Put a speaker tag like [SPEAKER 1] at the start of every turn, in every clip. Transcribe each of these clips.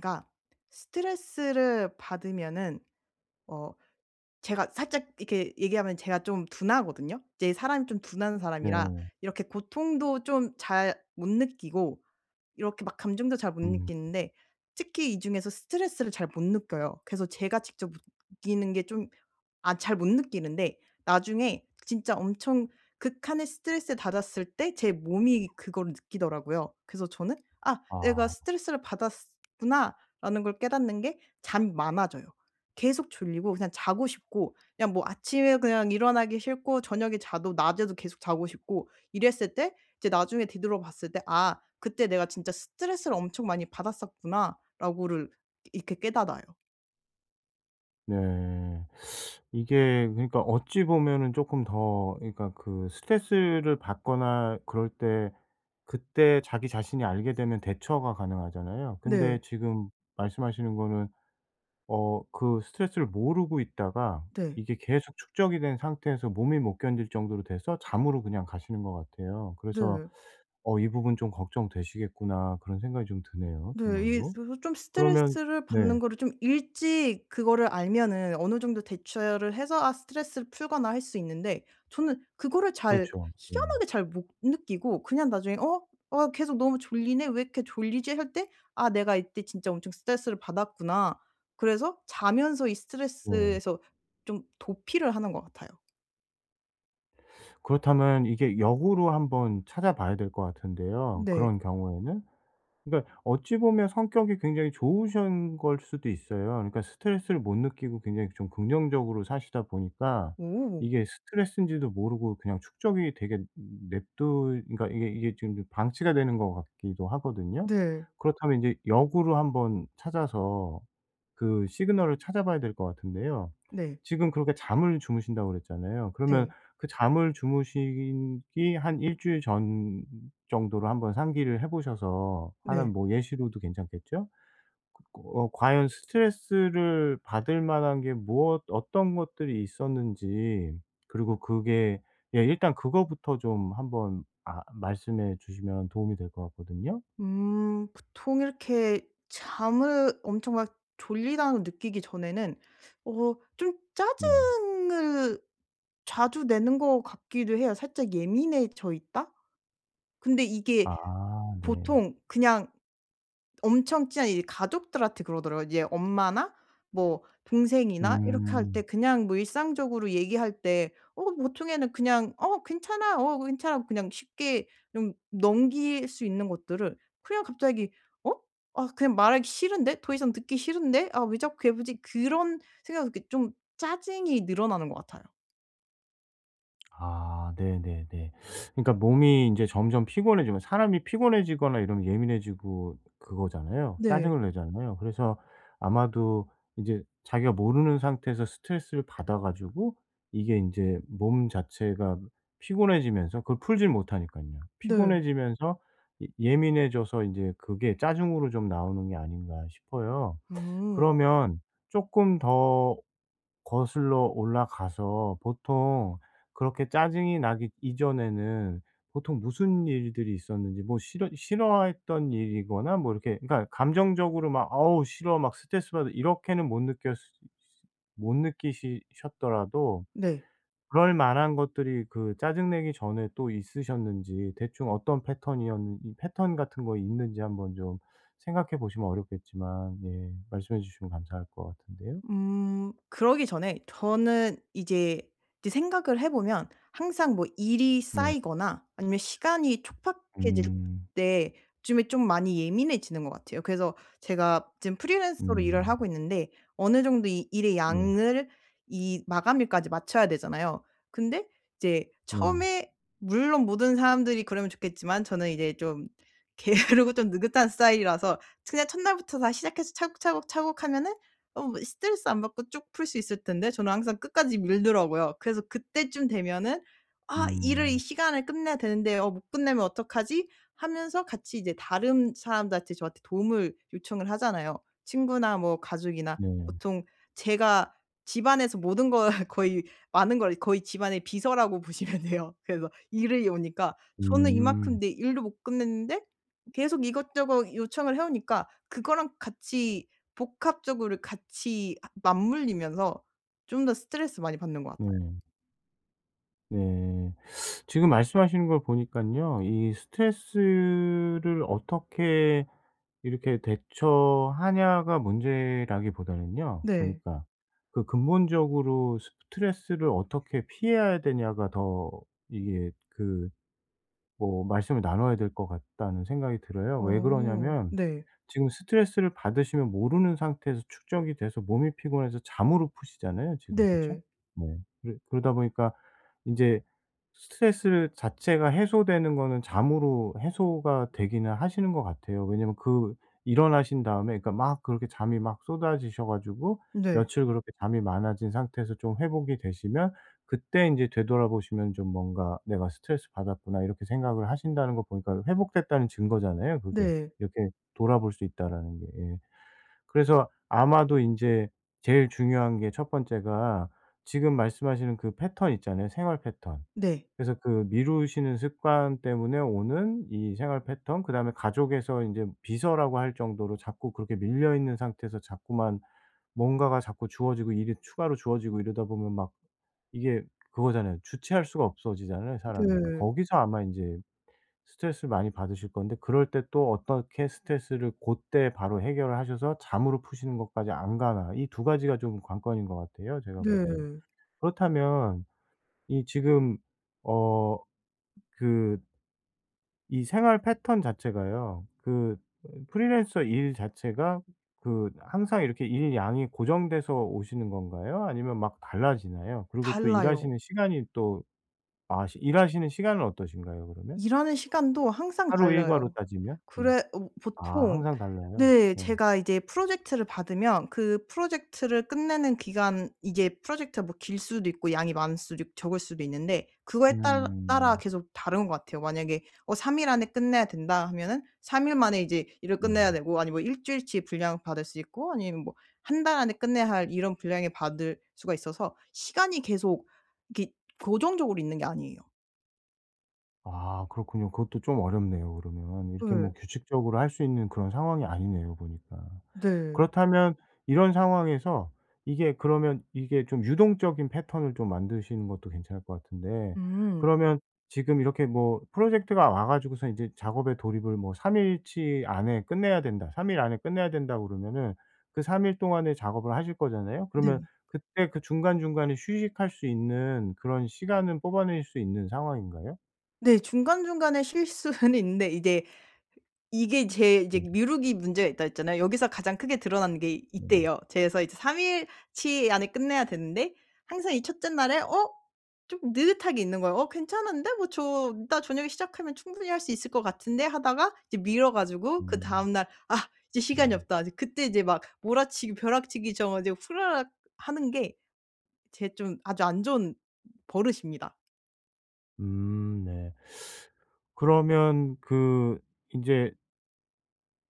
[SPEAKER 1] 그러니까 스트레스를 받으면은 어 제가 살짝 이렇게 얘기하면 제가 좀 둔하거든요. 이제 사람이 좀 둔한 사람이라
[SPEAKER 2] 네.
[SPEAKER 1] 이렇게 고통도 좀 잘 못 느끼고 이렇게 막 감정도 잘 못
[SPEAKER 2] 음.
[SPEAKER 1] 느끼는데 특히 이 중에서 스트레스를 잘 못 느껴요. 그래서 제가 직접 느끼는 게 좀 아 잘 못 느끼는데 나중에 진짜 엄청 극한의 스트레스 받았을 때 제 몸이 그거를 느끼더라고요. 그래서 저는 '아 내가
[SPEAKER 2] 아.
[SPEAKER 1] 스트레스를 받았었구나.'라는 걸 깨닫는 게 잠이 많아져요. 계속 졸리고 그냥 자고 싶고 그냥 뭐 아침에 그냥 일어나기 싫고 저녁에 자도 낮에도 계속 자고 싶고 이랬을 때 이제 나중에 뒤돌아 봤을 때 '아 그때 내가 진짜 스트레스를 엄청 많이 받았었구나.'라고를 이렇게 깨달아요.
[SPEAKER 2] 네. 이게 그러니까 어찌 보면은 쪼끔 더 그러니까 그 스트레스를 받거나 그럴 때 그때 자기 자신이 알게 되면 대처가 가능하잖아요.
[SPEAKER 1] 네.
[SPEAKER 2] 근데 지금 말씀하시는 거는 어 그 스트레스를 모르고 있다가
[SPEAKER 1] 네.
[SPEAKER 2] 이게 계속 축적이 된 상태에서 몸이 못 견딜 정도로 돼서 잠으로 그냥 가시는 것 같아요. 그래서
[SPEAKER 1] 네.
[SPEAKER 2] '어 이 부분 좀 걱정되시겠구나.' 그런 생각이 좀 드네요
[SPEAKER 1] 네. 이
[SPEAKER 2] 정말로.
[SPEAKER 1] 조 좀
[SPEAKER 2] 그러면
[SPEAKER 1] 스트레스를
[SPEAKER 2] 네.
[SPEAKER 1] 받는 거를 좀 일찍 그거를 알면은 어느 정도 대처를 해서 아 스트레스를 풀거나 할 수 있는데 저는 그거를 잘
[SPEAKER 2] 그렇죠. 예.
[SPEAKER 1] 희한하게 잘 못 느끼고 그냥 나중에 '어, 어 계속 너무 졸리네? 왜 이렇게 졸리지?' 할 때 '아 내가 이때 진짜 엄청 스트레스를 받았구나.' 그래서 자면서 이
[SPEAKER 2] 네.
[SPEAKER 1] 스트레스에서 좀 도피를 하는 것 같아요.
[SPEAKER 2] 그렇다면 이게 역으로 한번 찾아봐야 될 것 같은데요
[SPEAKER 1] 네.
[SPEAKER 2] 그런 경우에는. 그러니까 어찌 보면 성격이 굉장히 좋으신 걸 수도 있어요. 그니까 스트레스를 못 느끼고 굉장히 좀 긍정적으로 사시다 보니까
[SPEAKER 1] 오.
[SPEAKER 2] 이게 스트레스인지도 모르고 그냥 축적이 되게 냅두 그니까 이게 이게 지금 좀 방치가 되는 것 같기도 하거든요.
[SPEAKER 1] 네.
[SPEAKER 2] 그렇다면 이제 역으로 한번 찾아서 그 시그널을 찾아봐야 될 것 같은데요.
[SPEAKER 1] 네.
[SPEAKER 2] 지금 그렇게 "잠을 주무신다." 그랬잖아요. 그러면
[SPEAKER 1] 네.
[SPEAKER 2] 그 잠을 주무시기 한 1 주일 전 정도로 한번 상기를 해 보셔서
[SPEAKER 1] 네.
[SPEAKER 2] 하는 뭐 예시로도 괜찮겠죠? 긋고 어 과연 스트레스를 받을 만한 게 무엇 어떤 것들이 있었는지 그리고 그게 예 일단 그거부터 좀 한번 아 말씀해 주시면 도움이 될 것 같거든요.
[SPEAKER 1] 음. 보통 이렇게 잠을 엄청 막 '졸리다.'고 느끼기 전에는 어 좀
[SPEAKER 2] 네.
[SPEAKER 1] 짜증을 자주 내는 것 같기도 해요. 살짝 예민해져 있다? 근데 이게
[SPEAKER 2] 아 네.
[SPEAKER 1] 보통 그냥 엄청 친한 이 가족들한테 그러더라고요. 이제 엄마나 뭐 동생이나 이렇게 할 때
[SPEAKER 2] 음.
[SPEAKER 1] 그냥 뭐 일상적으로 얘기할 때 어 보통에는 그냥 '어 괜찮아. 어 괜찮아.' 그냥 쉽게 좀 넘길 수 있는 것들을 그냥 갑자기 '어? 아 그냥 말하기 싫은데. 더이상 듣기 싫은데. 아 왜 자꾸 괴롭히지?' 그런 생각을 이렇게 좀 짜증이 늘어나는 것 같아요.
[SPEAKER 2] 아 네네네. 그러니까 몸이 인제 점점 피곤해지면 사람이 피곤해지거나 이러면 예민해지고 그거잖아요.
[SPEAKER 1] 네.
[SPEAKER 2] 짜증을 내잖아요. 그래서 아마도 이제 자기가 모르는 상태에서 스트레스를 받아 가지고 이게 인제 몸 자체가 피곤해지면서 그걸 풀지를 못하니깐요.
[SPEAKER 1] 네.
[SPEAKER 2] 피곤해지면서 예 예민해져서 이제 그게 짜증으로 좀 나오는 게 아닌가 싶어요.
[SPEAKER 1] 음.
[SPEAKER 2] 그러면 쪼끔 더 거슬러 올라가서 보통 그렇게 짜증이 나기 이전에는 보통 무슨 일들이 있었는지 뭐 싫어 싫어했던 일이거나 뭐 이렇게 그러니까 감정적으로 막 '어우 싫어. 막 스트레스 받아.' 이렇게는 못 느꼈으 스 못 느끼시 셨더라도
[SPEAKER 1] 네.
[SPEAKER 2] 그럴 만한 것들이 그 짜증 내기 전에 또 있으셨는지 대충 어떤 패턴이었 이 패턴 같은 거 있는지 한번 좀 생각해 보시면 어렵겠지만 예 말씀해 주시면 감사할 것 같은데요.
[SPEAKER 1] 음. 그러기 전에 저는 이제, 이제 생각을 해보면 항상 뭐 일이
[SPEAKER 2] 네.
[SPEAKER 1] 쌓이거나 아니면 시간이 촉박해질
[SPEAKER 2] 음.
[SPEAKER 1] 때 요즘에 좀 많이 예민해지는 것 같아요. 그래서 제가 지금 프리랜서로 일을
[SPEAKER 2] 음.
[SPEAKER 1] 하고 있는데 어느 정도 이 일의
[SPEAKER 2] 네.
[SPEAKER 1] 양을 이 마감일까지 맞춰야 되잖아요. 근데 이제
[SPEAKER 2] 네.
[SPEAKER 1] 처음에 물론 모든 사람들이 그러면 좋겠지만 저는 이제 좀 게으르고 좀 느긋한 스타일이라서 그냥 첫날부터 다 시작해서 차곡 차곡 차곡 하면은 어 뭐 스트레스 안 받고 쭉 풀 수 있을 텐데 저는 항상 끝까지 밀더라고요. 그래서 그때쯤 되면은 '아 일을 이
[SPEAKER 2] 음.
[SPEAKER 1] 시간에 끝내야 되는데 어 못 끝내면 어떡하지?' 하면서 같이 이제 다른 사람들한테 저한테 도움을 요청을 하잖아요. 친구나 뭐 가족이나
[SPEAKER 2] 네.
[SPEAKER 1] 보통 제가 집안에서 모든 걸 거의 많은 걸 거의 집안의 비서라고 보시면 돼요. 그래서 일이 오니까. 저는 이만큼
[SPEAKER 2] 음.
[SPEAKER 1] 내 일도 못 끝냈는데 계속 이것저것 요청을 해오니까 그거랑 같이 복합적으로 같이 아 맞물리면서 좀 더 스트레스 많이 받는 것 같아요.
[SPEAKER 2] 네. 네. 지금 말씀하시는 걸 보니깐요. 이 스트레스를 어떻게 이렇게 대처하냐가 문제라기보다는요
[SPEAKER 1] 네.
[SPEAKER 2] 보니까. 그 '근본적으로 스트레스를 어떻게 피해야 되냐.'가 더 이게 그 뭐 말씀을 나눠야 될 것 같다는 생각이 들어요. 왜
[SPEAKER 1] 어
[SPEAKER 2] 그러냐면
[SPEAKER 1] 네.
[SPEAKER 2] 지금 스트레스를 받으시면 모르는 상태에서 축적이 돼서 몸이 피곤해서 잠으로 푸시잖아요 지금 그쵸?
[SPEAKER 1] 네.
[SPEAKER 2] 네. 그래 그러다 보니까 인제 스트레스를 자체가 해소되는 거는 잠으로 해소가 되기는 하시는 것 같아요. 왜냐면 그 일어나신 다음에 그러니까 막 그렇게 잠이 막 쏟아지셔 가지고
[SPEAKER 1] 네.
[SPEAKER 2] 며칠 그렇게 잠이 많아진 상태에서 좀 회복이 되시면 그때 인제 되돌아보시면 좀 뭔가 '내가 스트레스받았구나.' 이렇게 생각을 하신다는 거 보니까 회복됐다는 증거잖아요. 그게
[SPEAKER 1] 네.
[SPEAKER 2] 이렇게 돌아볼 수 있다라는 게 예. 그래서 아마도 인제 제일 중요한 게 1 번째가 지금 말씀하시는 그 패턴 있잖아요 생활 패턴.
[SPEAKER 1] 네.
[SPEAKER 2] 그래서 그 미루시는 습관 때문에 오는 이 생활 패턴 그다음에 가족에서 인제 비서라고 할 정도로 자꾸 그렇게 밀려 있는 상태에서 자꾸만 뭔가가 자꾸 주어지고 일이 추가로 주어지고 이러다 보면 막 이게 그거잖아요. 주체할 수가 없어지잖아요 사람이.
[SPEAKER 1] 네.
[SPEAKER 2] 거기서 아마 인제 스트레스를 많이 받으실 건데 그럴 때 또 어떻게 스트레스를 고때 바로 해결을 하셔서 잠으로 푸시는 것까지 안 가나. 이 2 가지가 좀 관건인 것 같아요 제가 보기에.
[SPEAKER 1] 네.
[SPEAKER 2] 그렇다면 이 지금 어 그 이 생활 패턴 자체가요. 그 으 프리랜서 일 자체가 그 항상 이렇게 일 양이 고정돼서 오시는 건가요, 아니면 막 달라지나요? 그리고 또
[SPEAKER 1] 달라요.
[SPEAKER 2] 일하시는 시간이 또 아 시 일하시는 시간은 어떠신가요 그러면?
[SPEAKER 1] 일하는 시간도 항상
[SPEAKER 2] 하루 일과로
[SPEAKER 1] 달라요.
[SPEAKER 2] 따지면? 예.
[SPEAKER 1] 그래 어
[SPEAKER 2] 아
[SPEAKER 1] 보통
[SPEAKER 2] 항상 달라요?
[SPEAKER 1] 네
[SPEAKER 2] 예.
[SPEAKER 1] 제가 이제 프로젝트를 받으면 그 프로젝트를 끝내는 기간 이게 프로젝트가 뭐 길 수도 있고 양이 많을 수도 있고 적을 수도 있는데 그거에 딸 따라
[SPEAKER 2] 음.
[SPEAKER 1] 계속 다른 것 같아요. 만약에 어 3 일 안에 끝내야 된다 하면은 3일 만에 이제 일을 끝내야
[SPEAKER 2] 네.
[SPEAKER 1] 되고 아니면 뭐 1 주일치 분량을 받을 수 있고 아니면 뭐 1 달 안에 끝내야 할 이런 분량에 받을 수가 있어서 시간이 계속 이렇게 고정적으로 있는 게 아니에요.
[SPEAKER 2] 아 그렇군요. 그것도 좀 어렵네요 그러면 이렇게 뭐
[SPEAKER 1] 예.
[SPEAKER 2] 규칙적으로 할 수 있는 그런 상황이 아니네요 보니까.
[SPEAKER 1] 네.
[SPEAKER 2] 그렇다면 이런 상황에서 이게 그러면 이게 좀 유동적인 패턴을 좀 만드시는 것도 괜찮을 것 같은데
[SPEAKER 1] 음.
[SPEAKER 2] 그러면 지금 이렇게 뭐 프로젝트가 와 가지고서는 인제 작업에 돌입을 뭐 3 일치 안에 끝내야 된다 3 일 안에 끝내야 된다고 그러면은 그 3 일 동안에 작업을 하실 거잖아요? 그러면
[SPEAKER 1] 네.
[SPEAKER 2] 그때 그 중간중간에 휴식할 수 있는 그런 시간은 뽑아내실 수 있는 상황인가요?
[SPEAKER 1] 네. 중간중간에 쉴 수는 있는데 이제 이게 제 이제
[SPEAKER 2] 네.
[SPEAKER 1] 미루기 문제가 있다고 했잖아요. 여기서 가장 크게 드러나는 게 이
[SPEAKER 2] 네.
[SPEAKER 1] 때예요. 제 그래서 이제 3 일 치 안에 끝내야 되는데 항상 이 1 째 날에 어 좀 느긋하게 있는 거예요. '어 괜찮은데? 뭐 저 이따 저녁에 시작하면 충분히 할 수 있을 것 같은데?' 하다가 이제 미뤄 가지고
[SPEAKER 2] 음.
[SPEAKER 1] 그다음 날 '아 이제 시간이
[SPEAKER 2] 네.
[SPEAKER 1] 없다.' 이제 그때 이제 막 몰아치기 벼락치기 쳐 가지고 후다닥 하는 게 제 좀 아주 안 좋은 버릇입니다.
[SPEAKER 2] 음 네. 그러면 그 인제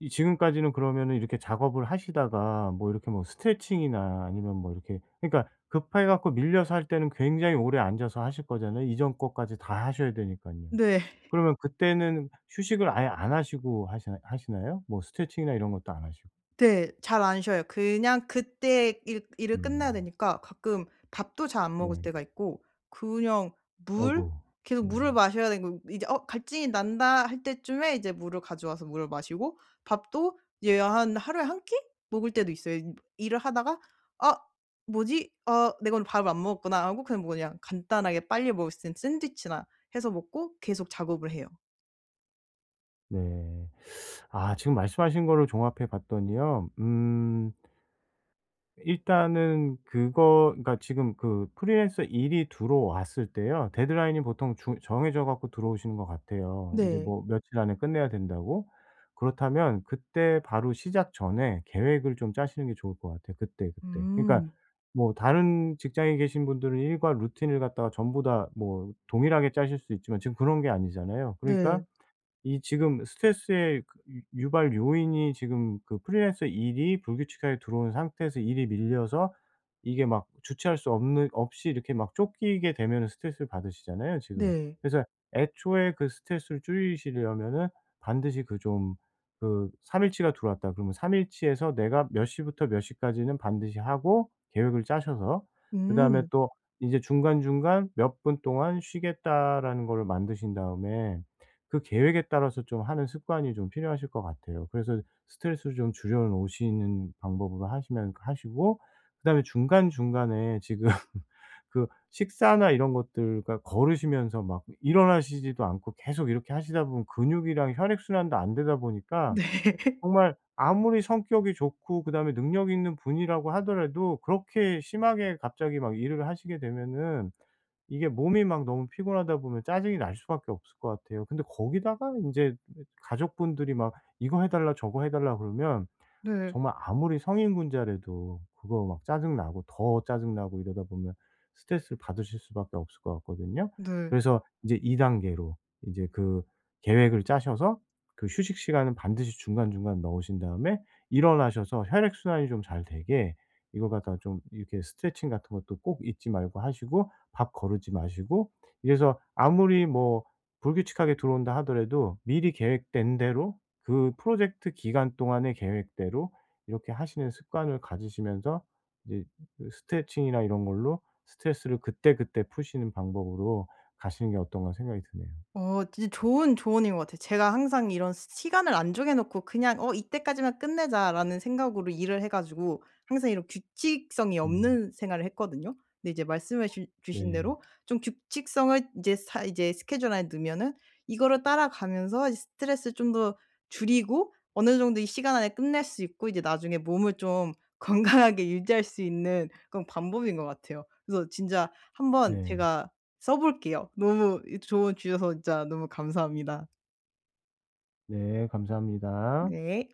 [SPEAKER 2] 이 지금까지는 그러면은 이렇게 작업을 하시다가 뭐 이렇게 뭐 스트레칭이나 아니면 뭐 이렇게 그러니까 급해 갖고 밀려서 할 때는 굉장히 오래 앉아서 하실 거잖아요. 이전 거까지 다 하셔야 되니깐요.
[SPEAKER 1] 네.
[SPEAKER 2] 그러면 그때는 휴식을 아예 안 하시고 하시나 하시나요? 뭐 스트레칭이나 이런 것도 안 하시고.
[SPEAKER 1] 네. 잘 안 쉬어요. 그냥 그때 일 일을 끝내야
[SPEAKER 2] 음.
[SPEAKER 1] 되니까 가끔 밥도 잘 안 먹을
[SPEAKER 2] 네.
[SPEAKER 1] 때가 있고 그냥 물
[SPEAKER 2] 아이고.
[SPEAKER 1] 계속
[SPEAKER 2] 네.
[SPEAKER 1] 물을 마셔야 되는 거에요. 이제 '어 갈증이 난다.' 할 때쯤에 이제 물을 가져와서 물을 마시고 밥도 이제 한 하루에 1 끼 먹을 때도 있어요. 임 일을 하다가 '아 뭐지? 아 내가 오늘 밥을 안 먹었구나.' 하고 그냥 뭐 그냥 간단하게 빨리 먹을 수 있는 샌드위치나 해서 먹고 계속 작업을 해요.
[SPEAKER 2] 네. 아 지금 말씀하신 거를 종합해 봤더니요. 음. 일단은 그거 그러니까 지금 그 프리랜서 일이 들어왔을 때요. 데드라인이 보통 중 정해져 갖고 들어오시는 거 같아요. 인제
[SPEAKER 1] 네.
[SPEAKER 2] 뭐 며칠 안에 끝내야 된다고. 그렇다면 그때 바로 시작 전에 계획을 좀 짜시는 게 좋을 것 같아요 그때그때. 그러니까
[SPEAKER 1] 음.
[SPEAKER 2] 뭐 다른 직장에 계신 분들은 일과 루틴을 갖다가 전부 다 뭐 동일하게 짜실 수 있지만 지금 그런 게 아니잖아요. 그러니까
[SPEAKER 1] 네.
[SPEAKER 2] 이 지금 스트레스의 그 유 유발 요인이 지금 그 프리랜서 일이 불규칙하게 들어온 상태에서 일이 밀려서 이게 막 주체할 수 없는 없이 이렇게 막 쫓기게 되면은 스트레스를 받으시잖아요 지금.
[SPEAKER 1] 네.
[SPEAKER 2] 그래서 애초에 그 스트레스를 줄이시려면은 반드시 그 좀 그 3 일 치가 들어왔다. 그러면 3 일 치에서 내가 몇 시부터 몇 시까지는 반드시 하고 계획을 짜셔서 그다음에
[SPEAKER 1] 음.
[SPEAKER 2] 또 이제 중간중간 몇 분 동안 쉬겠다라는 거를 만드신 다음에 그 계획에 따라서 좀 하는 습관이 좀 필요하실 것 같아요. 그래서 스트레스를 좀 줄여 놓으시는 방법으로 하시면 그 하시고 그다음에 중간중간에 지금 그 식사나 이런 것들 그러니까 거르시면서 막 일어나시지도 않고 계속 이렇게 하시다 보면 근육이랑 혈액 순환도 안 되다 보니까
[SPEAKER 1] 네.
[SPEAKER 2] 정말 아무리 성격이 좋고 그다음에 능력이 있는 분이라고 하더라도 그렇게 심하게 갑자기 막 일을 하시게 되면은 이게 몸이 막 너무 피곤하다 보면 짜증이 날 수밖에 없을 것 같아요. 근데 거기다가 인제 [unintelligible] 가족분들이 막 이거 해달라 저거 해달라 그러면
[SPEAKER 1] 네.
[SPEAKER 2] 정말 아무리 성인군자라도 그거 막 짜증 나고 더 짜증 나고 이러다 보면 스트레스를 받으실 수밖에 없을 것 같거든요.
[SPEAKER 1] 네.
[SPEAKER 2] 그래서 이제 2 단계로 인제 그 계획을 짜셔서 그 휴식 시간은 반드시 중간중간 넣으신 다음에 일어나셔서 혈액 순환이 좀 잘 되게 이거 갖다가 좀 이렇게 스트레칭 같은 것도 꼭 잊지 말고 하시고 밥 거르지 마시고 이래서 아무리 뭐 불규칙하게 들어온다 하더라도 미리 계획된 대로 그 프로젝트 기간 동안의 계획대로 이렇게 하시는 습관을 가지시면서 이제 그 스트레칭이나 이런 걸로 '스트레스를 그때그때 푸시는 방법으로 가시는 게 어떤가.' 생각이 드네요.
[SPEAKER 1] 어 진짜 좋은 조언인 것 같아요. 제가 항상 이런 시 시간을 안 정해 놓고 그냥 '어 이때까지만 끝내자.'라는 생각으로 일을 해 가지고 항상 이런 규칙성이
[SPEAKER 2] 음.
[SPEAKER 1] 없는 생활을 했거든요. 근데 이제 말씀해 주 주신
[SPEAKER 2] 네.
[SPEAKER 1] 대로 좀 규칙성을 이제 사 이제 스케줄 안에 넣으면은 이거를 따라가면서 이제 스트레스를 좀 더 줄이고 어느 정도 이 시간 안에 끝낼 수 있고 이제 나중에 몸을 좀 건강하게 유지할 수 있는 그런 방법인 것 같아요. 그래서 진짜 한번
[SPEAKER 2] 네.
[SPEAKER 1] 제가 써 볼게요. 너무 이 조언 주셔서 진짜 너무 감사합니다.
[SPEAKER 2] 네 감사합니다.
[SPEAKER 1] 네.